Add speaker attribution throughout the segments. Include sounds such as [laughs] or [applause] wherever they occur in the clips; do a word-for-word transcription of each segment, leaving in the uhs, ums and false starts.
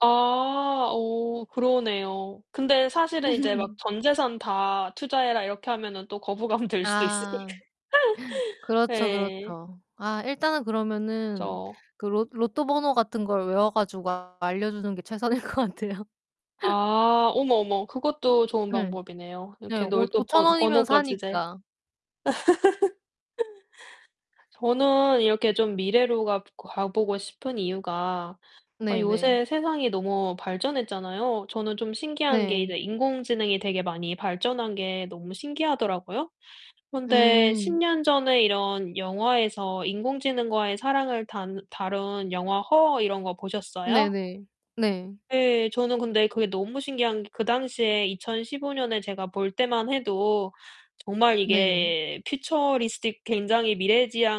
Speaker 1: 아 오. 그러네요. 근데 사실은 이제 막
Speaker 2: [laughs]
Speaker 1: "전 재산 다 투자해라." 이렇게 하면은 또 거부감 들 수도
Speaker 2: 아.
Speaker 1: 있으니까.
Speaker 2: 그렇죠,
Speaker 1: 예.
Speaker 2: 그렇죠. 아 일단은 그러면은
Speaker 1: 그죠.
Speaker 2: 그 로 로또 번호 같은 걸 외워 가지고 알려주는 게 최선일 것 같아요.
Speaker 1: 아 어머 어머 그것도 좋은
Speaker 2: 네.
Speaker 1: 방법이네요
Speaker 2: 네
Speaker 1: 이렇게 널
Speaker 2: 오
Speaker 1: 또 번
Speaker 2: 오천원이면
Speaker 1: 번호까지 이제.
Speaker 2: 사니까.
Speaker 1: [laughs] 저는 이렇게 좀 미래로 가 가 보고 싶은 이유가 아
Speaker 2: 네 네.
Speaker 1: 요새 세상이 너무 발전했잖아요. 저는 좀 신기한 게
Speaker 2: 네.
Speaker 1: 이제 인공지능이 되게 많이 발전한 게 너무 신기하더라고요. 그런데 십
Speaker 2: 음.
Speaker 1: 년 전에 이런 영화에서 인공지능과의 사랑을 단 다룬 영화 Her 이런 거 보셨어요?
Speaker 2: 네네. 네.
Speaker 1: 예. 저는 근데 그게 너무 신기한 게 그 당시에 이천십오 년에 제가 볼 때만 해도 정말
Speaker 2: 네.
Speaker 1: 이게 퓨처리스틱 굉장히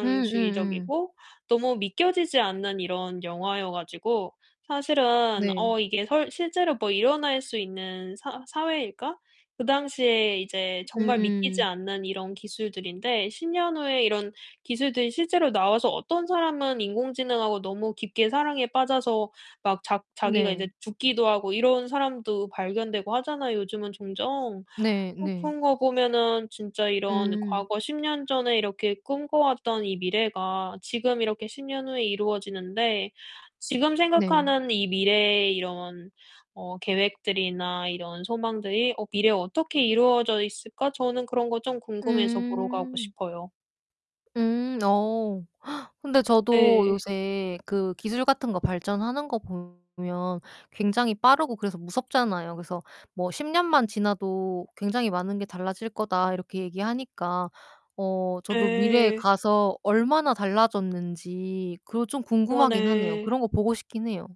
Speaker 2: 응 응 응.
Speaker 1: 너무 믿겨지지 않는 이런 영화여 가지고 사실은
Speaker 2: 네.
Speaker 1: '어 이게 설 실제로 뭐 일어날 수 있는 사 사회일까?' 그 당시에 이제
Speaker 2: 음
Speaker 1: 정말 믿기지
Speaker 2: 음.
Speaker 1: 않는 이런 기술들인데 십 년 후에 이런 기술들이 실제로 나와서 어떤 사람은 인공지능하고 너무 깊게 사랑에 빠져서 막 자 자기가
Speaker 2: 네.
Speaker 1: 이제 죽기도 하고 이런 사람도 발견되고 하잖아요, 요즘은 종종.
Speaker 2: 네,
Speaker 1: 어
Speaker 2: 네.
Speaker 1: 그런 거 보면은 진짜 이런
Speaker 2: 음.
Speaker 1: 과거 십 년 전에 이렇게 꿈꿔왔던 이 미래가 지금 이렇게 십 년 후에 이루어지는데 '지금
Speaker 2: 네.
Speaker 1: 생각하는 이 미래의 이런 어 계획들이나 이런 소망들이 어 미래에 어떻게 이루어져 있을까?' 저는 그런 거 좀 궁금해서 보러 가고
Speaker 2: 음.
Speaker 1: 싶어요.
Speaker 2: 음 어. [gasps] 근데 저도
Speaker 1: 네.
Speaker 2: 요새 그 기술 같은 거 발전하는 거 보면 굉장히 빠르고 그래서 무섭잖아요. 그래서 뭐 "십 년만 지나도 굉장히 많은 게 달라질 거다." 이렇게 얘기하니까 어 저도 미래에
Speaker 1: 네.
Speaker 2: 가서 얼마나 달라졌는지 그거 좀
Speaker 1: 어
Speaker 2: 궁금하긴 하네요.
Speaker 1: 네.
Speaker 2: 그런 거 보고 싶긴 해요.